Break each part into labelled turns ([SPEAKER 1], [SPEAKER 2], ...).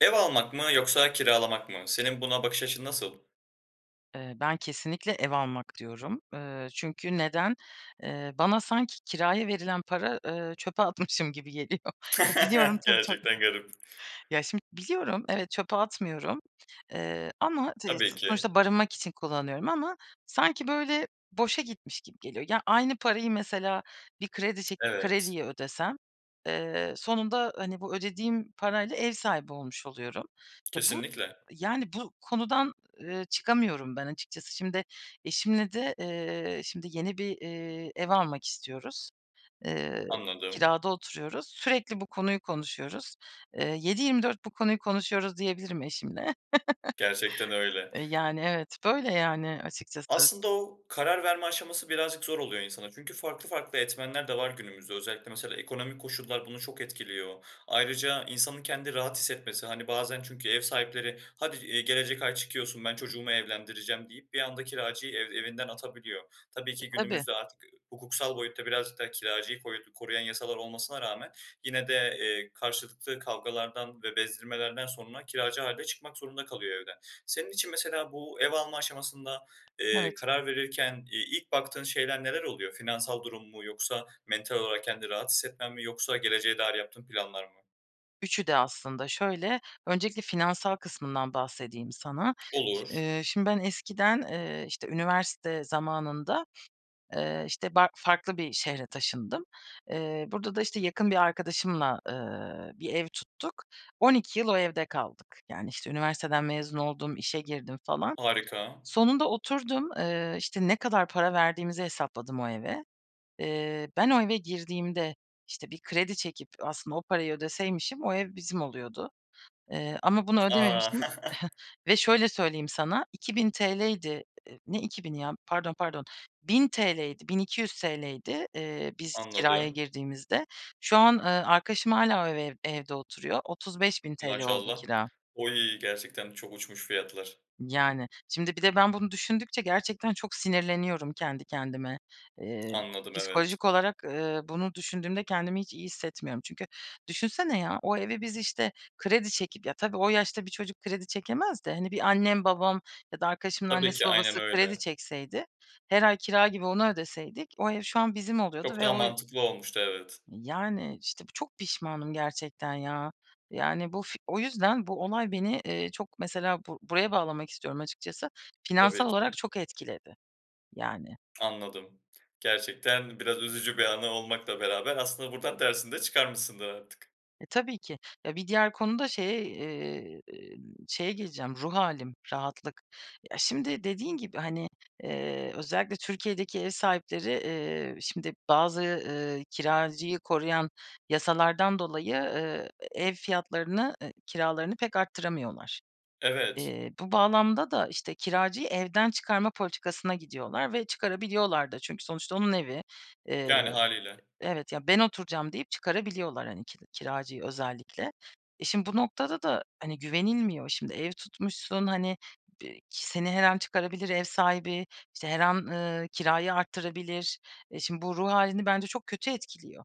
[SPEAKER 1] Ev almak mı yoksa kiralamak mı? Senin buna bakış açın nasıl?
[SPEAKER 2] Eee, ben kesinlikle ev almak diyorum. Eee, çünkü neden? Eee, bana sanki kiraya verilen para, eee, çöpe atmışım gibi geliyor. Biliyorum, tabii, tabii.
[SPEAKER 1] Gerçekten garip.
[SPEAKER 2] Ya, şimdi, biliyorum, evet, çöpe atmıyorum, eee, ama ç, eee,
[SPEAKER 1] Tabii ki.
[SPEAKER 2] sonuçta barınmak için kullanıyorum ama sanki böyle, boşa gitmiş gibi geliyor. Ya, aynı parayı mesela, bir kredi çekip
[SPEAKER 1] Evet.
[SPEAKER 2] krediyi ödesem, eee, sonunda, hani, bu ödediğim parayla ev sahibi olmuş, oluyorum. Ya, bu,
[SPEAKER 1] Kesinlikle.
[SPEAKER 2] yani, bu konudan, eee, çıkamıyorum ben açıkçası. Şimdi eşimle de eee, şimdi yeni bir, eee, ev almak istiyoruz. Eee,
[SPEAKER 1] Anladım.
[SPEAKER 2] kirada oturuyoruz. Sürekli bu konuyu konuşuyoruz. Eee, 7/24 bu konuyu konuşuyoruz diyebilirim eşimle.
[SPEAKER 1] Gerçekten öyle.
[SPEAKER 2] E, yani, evet. Böyle, yani, açıkçası.
[SPEAKER 1] Aslında o, karar verme aşaması birazcık zor oluyor insanın, çünkü farklı farklı etmenler de var günümüzde, özellikle mesela, ekonomik koşullar bunu çok etkiliyor. Ayrıca, insanın kendini rahat hissetmesi, hani, bazen çünkü ev sahipleri hadi, eee, gelecek ay çıkıyorsun, ben çocuğumu evlendireceğim deyip bir anda kiracıyı ev evinden atabiliyor. Tabii
[SPEAKER 2] E,
[SPEAKER 1] ki
[SPEAKER 2] tabii.
[SPEAKER 1] günümüzde artık hukuksal boyutta birazcık da kiracıyı koru koruyan yasalar olmasına rağmen, yine de, eee, karşılıklı kavgalardan ve bezdirmelerden sonra kiracı hâlde çıkmak zorunda kalıyor evden. Senin için mesela bu, ev alma aşamasında, eee,
[SPEAKER 2] Evet.
[SPEAKER 1] karar verirken, iii, ilk baktığın şeyler neler oluyor? Finansal durum mu yoksa mental olarak kendini rahatsız hissetmen mi yoksa geleceğe dair yaptığın planlar mı?
[SPEAKER 2] 3'ü de aslında. Şöyle, öncelikle finansal kısmından bahsedeyim sana. Şi
[SPEAKER 1] Olur.
[SPEAKER 2] eee, şimdi, ben eskiden, eee, işte, üniversite zamanında, eee, işte, ba farklı bir şehre taşındım. Eee, burada da işte, yakın bir arkadaşımla, eee, bir ev tuttuk. 12 yıl o evde kaldık. Yani, işte, üniversiteden mezun oldum, işe girdim falan.
[SPEAKER 1] Harika.
[SPEAKER 2] Sonunda oturdum, eee, işte, ne kadar para verdiğimizi hesapladım o eve. Eee, ben o eve girdiğimde, işte bir kredi çekip aslında o parayı ödeseymişim, o ev bizim oluyordu. Eee, ama bunu ödememiştim
[SPEAKER 1] A!
[SPEAKER 2] ve şöyle söyleyeyim sana: ₺2000'ydi ne 2000'i ya pardon pardon, ₺1000'ydi, ₺1200'ydi, eee, biz kiraya
[SPEAKER 1] Anladım.
[SPEAKER 2] girdiğimizde. Şu an, eee, arkadaşım hâlâ o eve evde oturuyor. ₺35.000 oldu
[SPEAKER 1] Maşallah.
[SPEAKER 2] kira.
[SPEAKER 1] O iyi. Gerçekten çok uçmuş fiyatlar.
[SPEAKER 2] Yani. Şimdi bir de ben bunu düşündükçe, gerçekten çok sinirleniyorum kendi kendime. Eee,
[SPEAKER 1] Anladım, evet.
[SPEAKER 2] psikolojik olarak, eee, bunu düşündüğümde kendimi hiç iyi hissetmiyorum, çünkü düşünsene ya, o evi biz işte, kredi çekip, ya, tabii o yaşta bir çocuk kredi çekemez de hani, bir annem, babam ya da arkadaşımın
[SPEAKER 1] Tabii
[SPEAKER 2] annesi,
[SPEAKER 1] ki. Aynen
[SPEAKER 2] babası kredi
[SPEAKER 1] öyle.
[SPEAKER 2] çekseydi, her ay kira gibi onu ödeseydik o ev şu an bizim oluyordu
[SPEAKER 1] Çok
[SPEAKER 2] ve
[SPEAKER 1] daha
[SPEAKER 2] o
[SPEAKER 1] mantıklı olmuştu, evet.
[SPEAKER 2] Yani. İşte, bu çok pişmanım gerçekten, ya. Yani, bu f o yüzden bu olay beni, eee, çok mesela bu buraya bağlamak istiyorum açıkçası, finansal
[SPEAKER 1] Tabii
[SPEAKER 2] olarak
[SPEAKER 1] ki.
[SPEAKER 2] çok etkiledi, yani.
[SPEAKER 1] Anladım. Gerçekten biraz üzücü bir anı olmakla beraber, aslında, buradan dersini de çıkarmışsındır artık.
[SPEAKER 2] E, tabii ki. Ya, bir diğer konu da şey, eee, şeye geleceğim, ruh hâlim, rahatlık. Ya, şimdi dediğin gibi, hani, eee, özellikle Türkiye'deki ev sahipleri, eee, şimdi bazı, ııı, kiracıyı koruyan yasalardan dolayı, ııı, ev fiyatlarını, eee, kiralarını pek arttıramıyorlar.
[SPEAKER 1] Evet.
[SPEAKER 2] Eee, bu bağlamda da işte, kiracıyı evden çıkarma politikasına gidiyorlar ve çıkarabiliyorlar da çünkü sonuçta onun evi. Eee,
[SPEAKER 1] Yani, hâliyle.
[SPEAKER 2] evet. Ya, ben oturacağım deyip çıkarabiliyorlar, hani, ki kiracıyı özellikle. E, şimdi bu noktada da hani, güvenilmiyor. Şimdi ev tutmuşsun, hani, bi seni her an çıkarabilir ev sahibi, işte, her an, ııı, kirayı arttırabilir. E, şimdi bu ruh hâlini bence çok kötü etkiliyor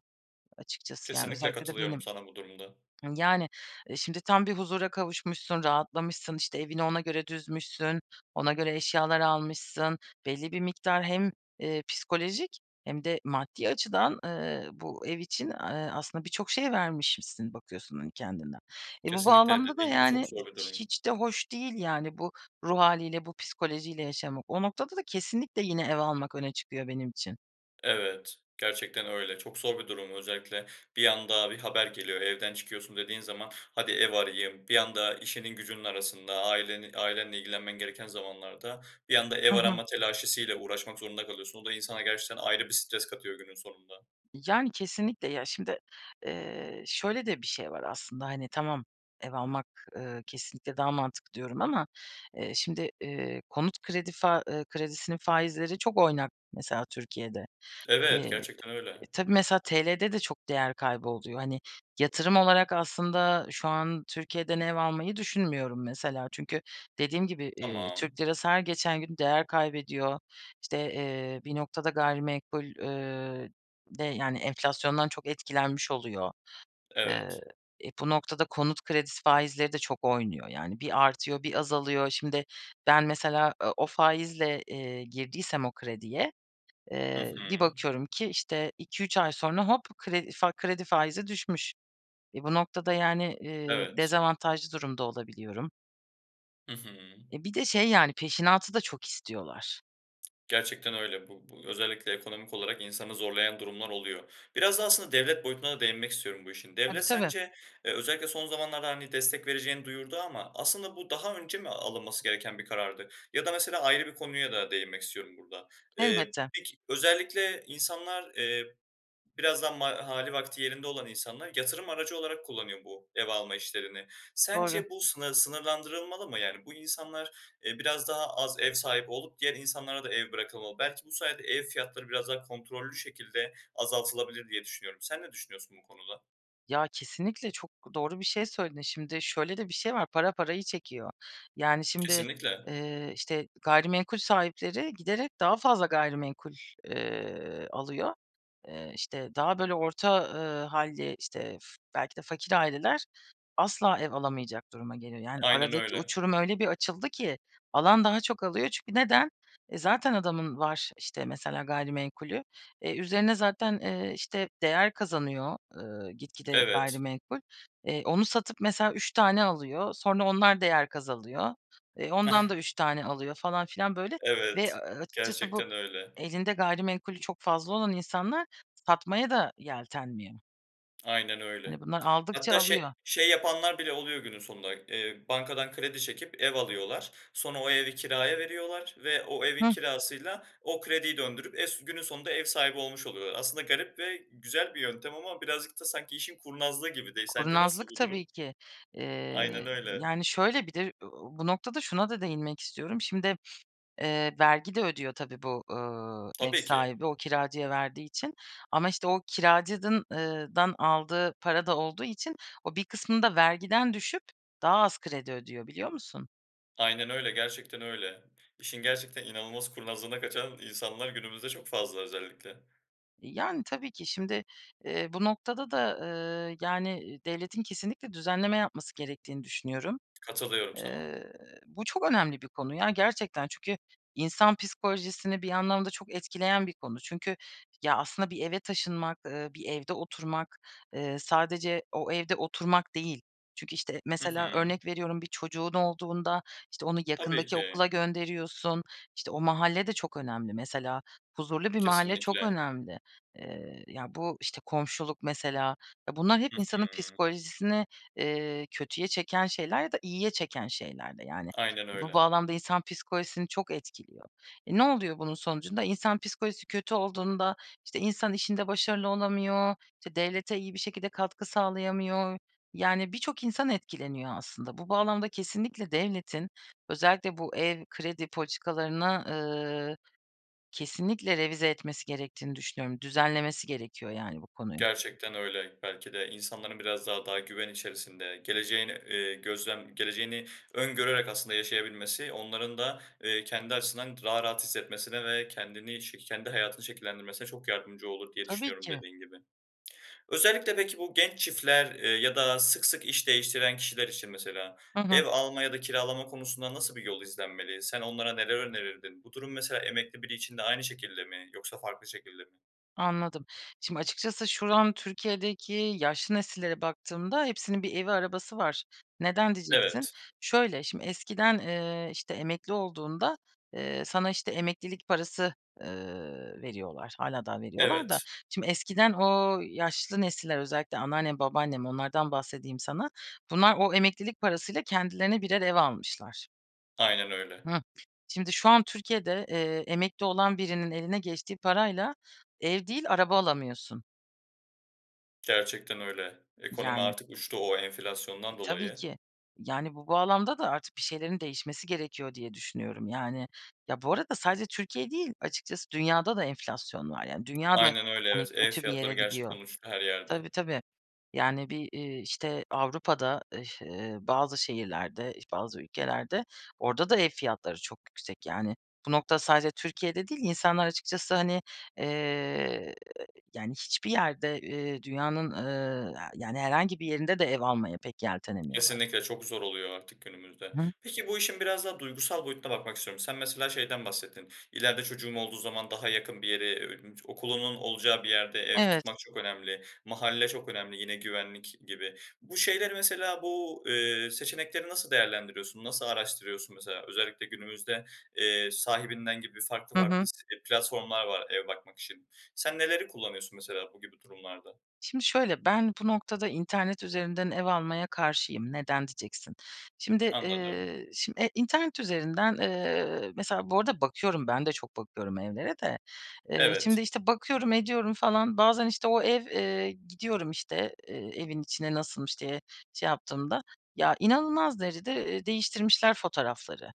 [SPEAKER 2] açıkçası, yani,
[SPEAKER 1] Kesinlikle
[SPEAKER 2] özellikle de
[SPEAKER 1] katılıyorum
[SPEAKER 2] benim.
[SPEAKER 1] sana bu durumda.
[SPEAKER 2] Yani, e, şimdi tam bir huzura kavuşmuşsun, rahatlamışsın, işte, evini ona göre düzmüşsün, ona göre eşyalar almışsın. Belli bir miktar hem, eee, psikolojik hem de maddi açıdan, eee, bu ev için, eee, aslında birçok şey vermişmişsin bakıyorsun, hani, kendinden. E, bu
[SPEAKER 1] Kesinlikle.
[SPEAKER 2] bağlamda da
[SPEAKER 1] Dediğin gibi çok
[SPEAKER 2] yani,
[SPEAKER 1] zor bir durum.
[SPEAKER 2] hiç de hoş değil, yani, bu ruh hâliyle bu psikolojiyle yaşamak. O noktada da kesinlikle yine ev almak öne çıkıyor benim için.
[SPEAKER 1] Evet, gerçekten öyle. Çok zor bir durum, özellikle bir anda bir haber geliyor evden çıkıyorsun dediğin zaman, hadi ev arayayım, bir anda işinin gücünün arasında, aileni ailenle ilgilenmen gereken zamanlarda, bir anda ev
[SPEAKER 2] Hı hı.
[SPEAKER 1] arama telaşesi ile uğraşmak zorunda kalıyorsun. O da insana gerçekten ayrı bir stres katıyor günün sonunda.
[SPEAKER 2] Yani, kesinlikle ya şimdi, eee, şöyle de bir şey var aslında. Hani, tamam, ev almak, eee, kesinlikle daha mantıklı diyorum ama, eee, şimdi, iii, konut kredi fa ııı, kredisinin faizleri çok oynak mesela Türkiye'de. Eee,
[SPEAKER 1] Evet, gerçekten
[SPEAKER 2] e
[SPEAKER 1] öyle.
[SPEAKER 2] e tabii mesela TL'de de çok değer kaybı oluyor. Hani yatırım olarak aslında şu an, Türkiye'den ev almayı düşünmüyorum mesela. Çünkü dediğim gibi, iii,
[SPEAKER 1] Tamam.
[SPEAKER 2] Türk lirası her geçen gün değer kaybediyor. İşte, eee, bir noktada gayrimenkul, ııı, de yani enflasyondan çok etkilenmiş oluyor. Eee,
[SPEAKER 1] Evet.
[SPEAKER 2] e, bu noktada konut kredisi faizleri de çok oynuyor. Yani, bir artıyor, bir azalıyor. Şimdi ben mesela, eee, o faizle, eee, girdiysem o krediye,
[SPEAKER 1] Hı
[SPEAKER 2] eee, bir
[SPEAKER 1] hı.
[SPEAKER 2] bakıyorum ki işte 2-3 ay sonra hop kredi fa kredi faizi düşmüş. E, bu noktada yani, eee,
[SPEAKER 1] Evet.
[SPEAKER 2] dezavantajlı durumda olabiliyorum.
[SPEAKER 1] I hı.
[SPEAKER 2] E, bir de şey, yani, peşinatı da çok istiyorlar.
[SPEAKER 1] Gerçekten öyle. Bu bu özellikle ekonomik olarak insanı zorlayan durumlar oluyor. Biraz da aslında devlet boyutuna da değinmek istiyorum bu işin.
[SPEAKER 2] Tabii,
[SPEAKER 1] Devlet
[SPEAKER 2] tabii.
[SPEAKER 1] sence, eee, özellikle son zamanlarda, hani, destek vereceğini duyurdu ama aslında bu daha önce mi alınması gereken bir karardı? Ya da mesela, ayrı bir konuya da değinmek istiyorum burada. Eee,
[SPEAKER 2] Elbette.
[SPEAKER 1] peki özellikle insanlar, eee, biraz daha ma hâli vakti yerinde olan insanlar yatırım aracı olarak kullanıyor bu ev alma işlerini.
[SPEAKER 2] Doğru.
[SPEAKER 1] Sence bu sınır sınırlandırılmalı mı? Yani, bu insanlar, eee, biraz daha az ev sahibi olup diğer insanlara da ev bırakılmalı. Belki bu sayede ev fiyatları biraz daha kontrollü şekilde azaltılabilir diye düşünüyorum. Sen ne düşünüyorsun bu konuda?
[SPEAKER 2] Ya, kesinlikle çok doğru bir şey söyledin. Şimdi şöyle de bir şey var, para parayı çekiyor. Yani, şimdi,
[SPEAKER 1] Kesinlikle.
[SPEAKER 2] eee, işte, gayrimenkul sahipleri giderek daha fazla gayrimenkul, eee, alıyor. Eee, işte, daha böyle orta, ııı, hâlli, işte, f belki de fakir aileler asla ev alamayacak duruma geliyor. Yani,
[SPEAKER 1] Aynen
[SPEAKER 2] aradaki
[SPEAKER 1] öyle.
[SPEAKER 2] uçurum öyle bir açıldı ki alan daha çok alıyor. Çünkü neden? E, zaten adamın var, işte, mesela, gayrimenkulü. E, üzerine zaten, eee, işte, değer kazanıyor, ııı, gitgide
[SPEAKER 1] Evet.
[SPEAKER 2] gayrimenkul. Eee, onu satıp mesela, üç tane alıyor, sonra onlar değer kazanıyor, eee, ondan da üç tane alıyor falan filan, böyle ve
[SPEAKER 1] Evet.
[SPEAKER 2] a a açıkçası bu
[SPEAKER 1] Gerçekten öyle.
[SPEAKER 2] elinde gayrimenkulü çok fazla olan insanlar satmaya da yeltenmiyor.
[SPEAKER 1] Aynen öyle.
[SPEAKER 2] Hani bunlar aldıkça
[SPEAKER 1] Hatta şey
[SPEAKER 2] alıyor.
[SPEAKER 1] şey yapanlar bile oluyor günün sonunda. Eee, bankadan kredi çekip, ev alıyorlar. Sonra o evi kiraya veriyorlar ve o evin
[SPEAKER 2] Hıh.
[SPEAKER 1] kirasıyla, o krediyi döndürüp, es günün sonunda ev sahibi olmuş oluyorlar. Aslında garip ve güzel bir yöntem ama birazcık da sanki, işin kurnazlığı gibi de. Sence nasıl
[SPEAKER 2] Kurnazlık
[SPEAKER 1] bu
[SPEAKER 2] tabii
[SPEAKER 1] durum?
[SPEAKER 2] ki.
[SPEAKER 1] Aynen
[SPEAKER 2] Eee,
[SPEAKER 1] öyle.
[SPEAKER 2] yani, şöyle, bir de ö bu noktada şuna da değinmek istiyorum. Şimdi, eee, vergi de ödüyor tabii bu, eee, ev
[SPEAKER 1] Tabii ki.
[SPEAKER 2] sahibi, o kiracıya verdiği için. Ama, işte, o kiracı eee dan aldığı para da olduğu için, o bir kısmını da vergiden düşüp daha az kredi ödüyor, biliyor musun?
[SPEAKER 1] Aynen öyle, gerçekten öyle. İşin gerçekten inanılmaz kurnazlığına kaçan insanlar günümüzde çok fazla, özellikle.
[SPEAKER 2] Yani, tabii ki. Şimdi, eee, bu noktada da, eee, yani, devletin kesinlikle düzenleme yapması gerektiğini düşünüyorum.
[SPEAKER 1] Katılıyorum sana.
[SPEAKER 2] Eee, bu çok önemli bir konu ya, gerçekten. Çünkü insan psikolojisini bir anlamda çok etkileyen bir konu. Çünkü, ya, aslında bir eve taşınmak, eee, bir evde oturmak, eee, sadece o evde oturmak değil. Çünkü, işte,
[SPEAKER 1] Hı
[SPEAKER 2] mesela,
[SPEAKER 1] hı.
[SPEAKER 2] örnek veriyorum, bir çocuğun olduğunda, işte, onu
[SPEAKER 1] Tabii
[SPEAKER 2] yakındaki
[SPEAKER 1] ki.
[SPEAKER 2] okula gönderiyorsun, işte, o mahalle de çok önemli. Mesela, huzurlu bir mahalle çok
[SPEAKER 1] Kesinlikle.
[SPEAKER 2] önemli. Eee, ya, bu, işte, komşuluk, mesela, eee, bunlar hep
[SPEAKER 1] Hı
[SPEAKER 2] insanın
[SPEAKER 1] hı.
[SPEAKER 2] psikolojisini, eee, kötüye çeken şeyler ya da iyiye çeken şeyler de, yani.
[SPEAKER 1] Aynen
[SPEAKER 2] Bu
[SPEAKER 1] öyle.
[SPEAKER 2] bağlamda insan psikolojisini çok etkiliyor. E, ne oluyor bunun sonucunda? İnsan psikolojisi kötü olduğunda, işte, insan işinde başarılı olamıyor, işte, devlete iyi bir şekilde katkı sağlayamıyor, yani, birçok insan etkileniyor aslında. Bu bağlamda kesinlikle devletin, özellikle bu ev kredi politikalarını, ııı, kesinlikle revize etmesi gerektiğini düşünüyorum. Düzenlemesi gerekiyor, yani, bu konuyu.
[SPEAKER 1] Gerçekten öyle. Belki de insanların biraz da daha güven içerisinde, geleceğin, eee, gözlem geleceğini öngörerek aslında yaşayabilmesi, onların da, eee, kendi açısından daha rahat hissetmesine ve kendini şe kendi hayatını şekillendirmesine çok yardımcı olur diye
[SPEAKER 2] Tabii
[SPEAKER 1] düşünüyorum,
[SPEAKER 2] ki.
[SPEAKER 1] dediğin gibi. Özellikle de, ki, bu genç çiftler, eee, ya da sık sık iş değiştiren kişiler için, mesela,
[SPEAKER 2] Hı hı.
[SPEAKER 1] ev alma ya da kiralama konusunda, nasıl bir yol izlenmeli? Sen onlara neler önerirdin? Bu durum, mesela, emekli biri için de aynı şekilde mi, yoksa farklı şekilde mi?
[SPEAKER 2] Anladım. Şimdi, açıkçası, şu an Türkiye’deki yaşlı nesillere baktığımda hepsinin bir evi, arabası var. Neden, diyeceksin.
[SPEAKER 1] Evet.
[SPEAKER 2] Şöyle, şimdi, eskiden, eee, işte, emekli olduğunda, eee, sana işte, emeklilik parası, eee, veriyorlar, hâlâ daha veriyorlar da.
[SPEAKER 1] Evet.
[SPEAKER 2] Şimdi, eskiden o yaşlı nesiller, özellikle anneannem, babaannem, onlardan bahsedeyim sana, bunlar o emeklilik parasıyla kendilerine birer ev almışlar.
[SPEAKER 1] Aynen öyle.
[SPEAKER 2] Hıh. Şimdi şu an Türkiye'de, eee, emekli olan birinin eline geçtiği parayla ev değil, araba alamıyorsun.
[SPEAKER 1] Gerçekten öyle. Ekonomi
[SPEAKER 2] Yani.
[SPEAKER 1] artık uçtu, o
[SPEAKER 2] E,
[SPEAKER 1] enflasyondan
[SPEAKER 2] tabii
[SPEAKER 1] dolayı.
[SPEAKER 2] ki. Yani, bu bağlamda da artık bir şeylerin değişmesi gerekiyor, diye düşünüyorum. Yani, ya, bu arada sadece Türkiye değil açıkçası, dünyada da enflasyon var. Yani, dünya da,
[SPEAKER 1] Aynen öyle,
[SPEAKER 2] hani,
[SPEAKER 1] evet. Ev
[SPEAKER 2] kötü bir
[SPEAKER 1] fiyatları
[SPEAKER 2] yere
[SPEAKER 1] gerçek
[SPEAKER 2] gidiyor.
[SPEAKER 1] uçtu her yerde.
[SPEAKER 2] Tabii, tabii. Yani bir, iii, işte, Avrupa'da ıh iş ııı, bazı şehirlerde, iş bazı ülkelerde, orada da ev fiyatları çok yüksek. Yani bu nokta sadece Türkiye'de değil, insanlar açıkçası, hani, eee, yani, hiçbir yerde, eee, dünyanın, ııı, aaa, yani herhangi bir yerinde de ev almaya pek yeltenemiyorlar.
[SPEAKER 1] Kesinlikle çok zor oluyor artık günümüzde.
[SPEAKER 2] Hı.
[SPEAKER 1] Peki, bu işin biraz daha duygusal boyutuna bakmak istiyorum. Sen mesela, şeyden bahsettin, ileride çocuğum olduğu zaman daha yakın bir yere, eee, okulunun olacağı bir yerde ev
[SPEAKER 2] Evet.
[SPEAKER 1] tutmak çok önemli, mahalle çok önemli yine güvenlik gibi. Bu şeyleri mesela bu, eee, seçenekleri nasıl değerlendiriyorsun? Nasıl araştırıyorsun? Mesela özellikle günümüzde, eee, Sahibinden gibi farklı
[SPEAKER 2] Hı
[SPEAKER 1] farklı
[SPEAKER 2] hı.
[SPEAKER 1] si e, platformlar var ev bakmak için. Sen neleri kullanıyorsun mesela bu gibi durumlarda?
[SPEAKER 2] Şimdi şöyle, ben bu noktada internet üzerinden ev almaya karşıyım. Neden diyeceksin. Şimdi,
[SPEAKER 1] Anladım.
[SPEAKER 2] eee, şimdi, eee, internet üzerinden, eee, mesela Bu arada bakıyorum, ben de çok bakıyorum evlere de. Eee,
[SPEAKER 1] Evet.
[SPEAKER 2] şimdi, işte, bakıyorum ediyorum falan. Bazen, işte, o ev, eee, gidiyorum, işte, eee, evin içine nasılmış, diye şey yaptığımda. Ya, inanılmaz derecede, eee, değiştirmişler fotoğrafları.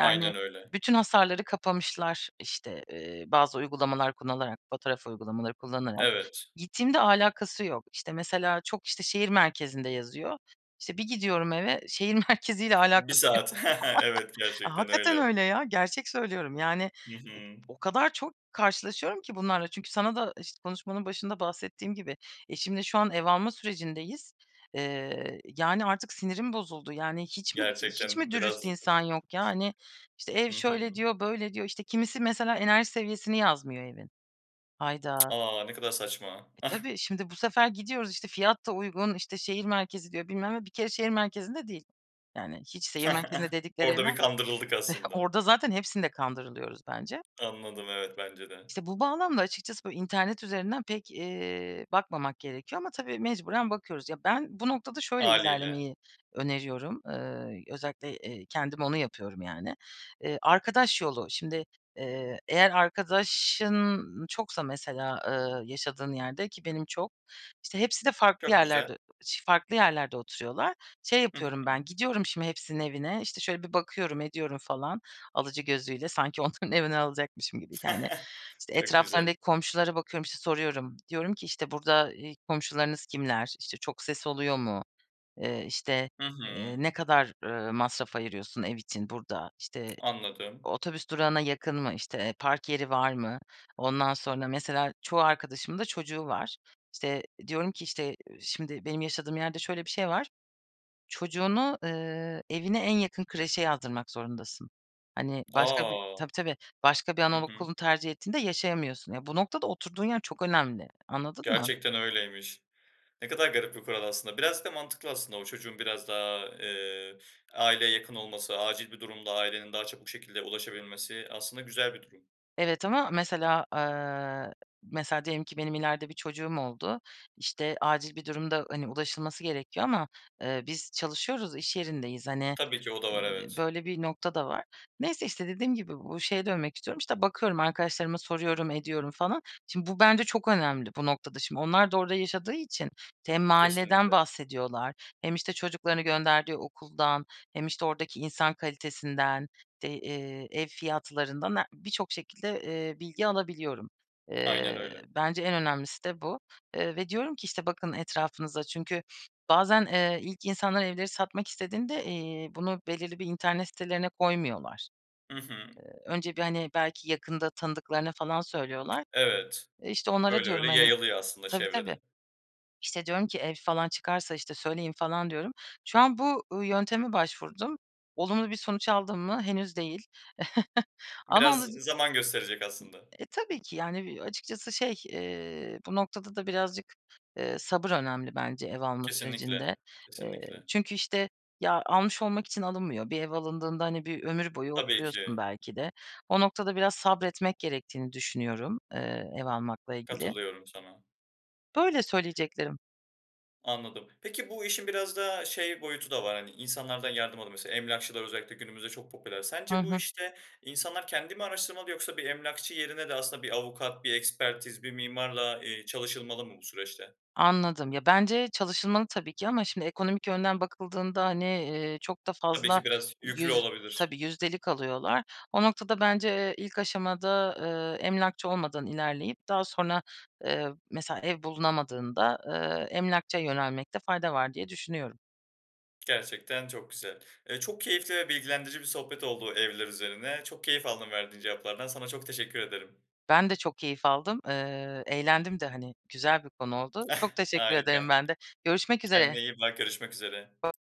[SPEAKER 1] Aynen öyle.
[SPEAKER 2] bütün hasarları kapamışlar. İşte, eee, bazı uygulamalar kullanarak, fotoğraf uygulamaları kullanarak,
[SPEAKER 1] Evet.
[SPEAKER 2] gittiğimde alakası yok. İşte, mesela çok işte, şehir merkezinde yazıyor. İşte, bir gidiyorum eve şehir merkeziyle
[SPEAKER 1] 1
[SPEAKER 2] alakası yo
[SPEAKER 1] saat. Evet,
[SPEAKER 2] A,
[SPEAKER 1] gerçekten
[SPEAKER 2] hakikaten
[SPEAKER 1] öyle.
[SPEAKER 2] öyle ya. Gerçek söylüyorum. Yani ı
[SPEAKER 1] Hı hı.
[SPEAKER 2] o kadar çok karşılaşıyorum ki bunlarla çünkü sana da işt konuşmanın başında bahsettiğim gibi, eşimle şu an ev alma sürecindeyiz. Eee, yani, artık sinirim bozuldu. Yani, hiç mi d hiç mi
[SPEAKER 1] Gerçekten biraz
[SPEAKER 2] dürüst
[SPEAKER 1] z
[SPEAKER 2] insan
[SPEAKER 1] [unintelligible]
[SPEAKER 2] yok ya? Hani, işte, "Ev
[SPEAKER 1] Hı
[SPEAKER 2] şöyle,"
[SPEAKER 1] hı.
[SPEAKER 2] diyor, "böyle." diyor. İşte, kimisi mesela enerji seviyesini yazmıyor evin. Hayda!
[SPEAKER 1] A, ne kadar saçma.
[SPEAKER 2] E, tabii şimdi bu sefer gidiyoruz, işte, fiyat da uygun, işte, şehir merkezi diyor, bilmem ne. Bir kere şehir merkezinde değil. Yani, hiç şehir merkezinde dedikleri
[SPEAKER 1] Orada
[SPEAKER 2] evler
[SPEAKER 1] bir kandırıldık aslında.
[SPEAKER 2] Orada zaten hepsinde kandırılıyoruz bence.
[SPEAKER 1] Anladım, evet. Bence de.
[SPEAKER 2] İşte, bu bağlamda açıkçası, böyle, internet üzerinden pek, eee, bakmamak gerekiyor ama tabii mecburen bakıyoruz. Ya, ben bu noktada şöyle
[SPEAKER 1] Hâliyle.
[SPEAKER 2] ilerlemeyi öneriyorum. Iıı, özellikle, eee, kendim onu yapıyorum yani. Eee, arkadaş yolu, şimdi, eee, eğer arkadaşın çoksa mesela, eee, yaşadığın yerde ki benim çok, işte, hepsi de farklı
[SPEAKER 1] Çok güzel.
[SPEAKER 2] yerlerde ı ş farklı yerlerde oturuyorlar. Şey
[SPEAKER 1] Hı
[SPEAKER 2] yapıyorum
[SPEAKER 1] hı.
[SPEAKER 2] ben, gidiyorum şimdi hepsinin evine. İşte, şöyle bir bakıyorum, ediyorum falan alıcı gözüyle. Sanki onların evini alacakmışım gibi yani. İşte,
[SPEAKER 1] Çok güzel.
[SPEAKER 2] etraflarındaki komşulara bakıyorum, işte, soruyorum. Diyorum ki, işte, "Burada, iii, komşularınız kimler? İşte, çok ses oluyor mu? Eee, işte,
[SPEAKER 1] Hı
[SPEAKER 2] eee,
[SPEAKER 1] hı.
[SPEAKER 2] ne kadar, ııı, masraf ayırıyorsun ev için burada? İşte,
[SPEAKER 1] Anladım.
[SPEAKER 2] otobüs durağına yakın mı? İşte, park yeri var mı?" Ondan sonra mesela çoğu arkadaşımın da çocuğu var. İşte, diyorum ki, işte, eee, şimdi benim yaşadığım yerde şöyle bir şey var. Çocuğunu, eee, evine en yakın kreşe yazdırmak zorundasın. Hani başka bir
[SPEAKER 1] A!
[SPEAKER 2] Tabii, tabii. Başka bir
[SPEAKER 1] Hı hı.
[SPEAKER 2] anaokulunu tercih ettiğinde, yaşayamıyorsun. Ya, bu noktada oturduğun yer çok önemli. Anladın mı?
[SPEAKER 1] Gerçekten öyleymiş. Ne kadar garip bir kural aslında. Biraz da mantıklı aslında o çocuğun biraz daha, eee, aileye yakın olması, acil bir durumda ailenin daha çabuk bir şekilde ulaşabilmesi aslında güzel bir durum.
[SPEAKER 2] Evet ama mesela, eee, mesela diyelim ki benim ileride bir çocuğum oldu. İşte, acil bir durumda, hani, ulaşılması gerekiyor ama, eee, biz çalışıyoruz, iş yerindeyiz, hani,
[SPEAKER 1] Tabii ki o da var,
[SPEAKER 2] n
[SPEAKER 1] evet.
[SPEAKER 2] böyle bir nokta da var. Neyse, işte, dediğim gibi bu şeye dönmek istiyorum, işte, bakıyorum arkadaşlarıma soruyorum, ediyorum falan. Şimdi bu bence çok önemli, bu noktada şimdi. Onlar da orada yaşadığı için hem mahalleden
[SPEAKER 1] Kesinlikle!
[SPEAKER 2] bahsediyorlar. Hem, işte, çocuklarını gönderdiği okuldan hem, işte, oradaki insan kalitesinden, te eee, ev fiyatlarından he birçok şekilde, eee, bilgi alabiliyorum.
[SPEAKER 1] Aynen
[SPEAKER 2] Eee,
[SPEAKER 1] öyle.
[SPEAKER 2] bence en önemlisi de bu, eee, ve diyorum ki, işte, "Bakın etrafınıza." Çünkü bazen, eee, ilk insanlar evleri satmak istediğinde, eee, bunu belirli bir internet sitelerine koymuyorlar.
[SPEAKER 1] Hı hı.
[SPEAKER 2] Eee, önce bir, hani, belki yakında tanıdıklarına falan söylüyorlar.
[SPEAKER 1] Evet.
[SPEAKER 2] Eee, işte, onlara
[SPEAKER 1] Öyle
[SPEAKER 2] diyorum,
[SPEAKER 1] öyle
[SPEAKER 2] hani
[SPEAKER 1] yayılıyor aslında
[SPEAKER 2] Tabii, tabii.
[SPEAKER 1] çevrede.
[SPEAKER 2] İşte, diyorum ki, "Ev falan çıkarsa, işte, söyleyin." falan diyorum. Şu an bu, ııı, yönteme başvurdum. Olumlu bir sonuç aldım mı? Henüz değil. Ama
[SPEAKER 1] Biraz,
[SPEAKER 2] alıc
[SPEAKER 1] ı zaman gösterecek aslında.
[SPEAKER 2] I e, tabii ki, yani, eee, açıkçası şey, eee, bu noktada da birazcık, eee, sabır önemli bence ev alma
[SPEAKER 1] Kesinlikle,
[SPEAKER 2] sürecinde. Eee,
[SPEAKER 1] kesinlikle!
[SPEAKER 2] çünkü, işte, ya, almış olmak için alınmıyor. Bir ev alındığında, hani bir ömür boyu
[SPEAKER 1] Tabii
[SPEAKER 2] oturuyorsun
[SPEAKER 1] ki.
[SPEAKER 2] belki de. O noktada biraz sabretmek gerektiğini düşünüyorum, eee, ev almakla ilgili.
[SPEAKER 1] Katılıyorum sana.
[SPEAKER 2] Böyle söyleyeceklerim.
[SPEAKER 1] Anladım. Peki bu işin biraz da şey boyutu da var, hani insanlardan yardım alı Mesela emlakçılar özellikle günümüzde çok popüler.
[SPEAKER 2] Hı
[SPEAKER 1] Sence bu
[SPEAKER 2] hı.
[SPEAKER 1] işte insanlar kendi mi araştırmalı yoksa bir emlakçı yerine de aslında bir avukat, bir ekspertiz, bir mimarla, eee, çalışılmalı mı bu süreçte?
[SPEAKER 2] Anladım. Ya, bence çalışılmalı tabii ki ama şimdi ekonomik yönden bakıldığında, hani, eee, çok da
[SPEAKER 1] Tabii
[SPEAKER 2] fazla
[SPEAKER 1] ki biraz yüklü
[SPEAKER 2] yüz
[SPEAKER 1] olabilir.
[SPEAKER 2] tabii, yüzdelik alıyorlar. O noktada bence, eee, ilk aşamada, ııı, emlakçı olmadan ilerleyip daha sonra, eee, mesela ev bulunamadığında, ııı, emlakçıya yönelmekte fayda var, diye düşünüyorum.
[SPEAKER 1] Gerçekten çok güzel. Eee, çok keyifli ve bilgilendirici bir sohbet oldu, evler üzerine. Çok keyif aldım verdiğin cevaplardan. Sana çok teşekkür ederim.
[SPEAKER 2] Ben de çok keyif aldım. Eee, eğlendim de hani güzel bir konu oldu. Çok teşekkür ederim
[SPEAKER 1] Harika!
[SPEAKER 2] ben de. Görüşmek
[SPEAKER 1] Kendine
[SPEAKER 2] üzere.
[SPEAKER 1] iyi bak, görüşmek üzere.
[SPEAKER 2] [unintelligible]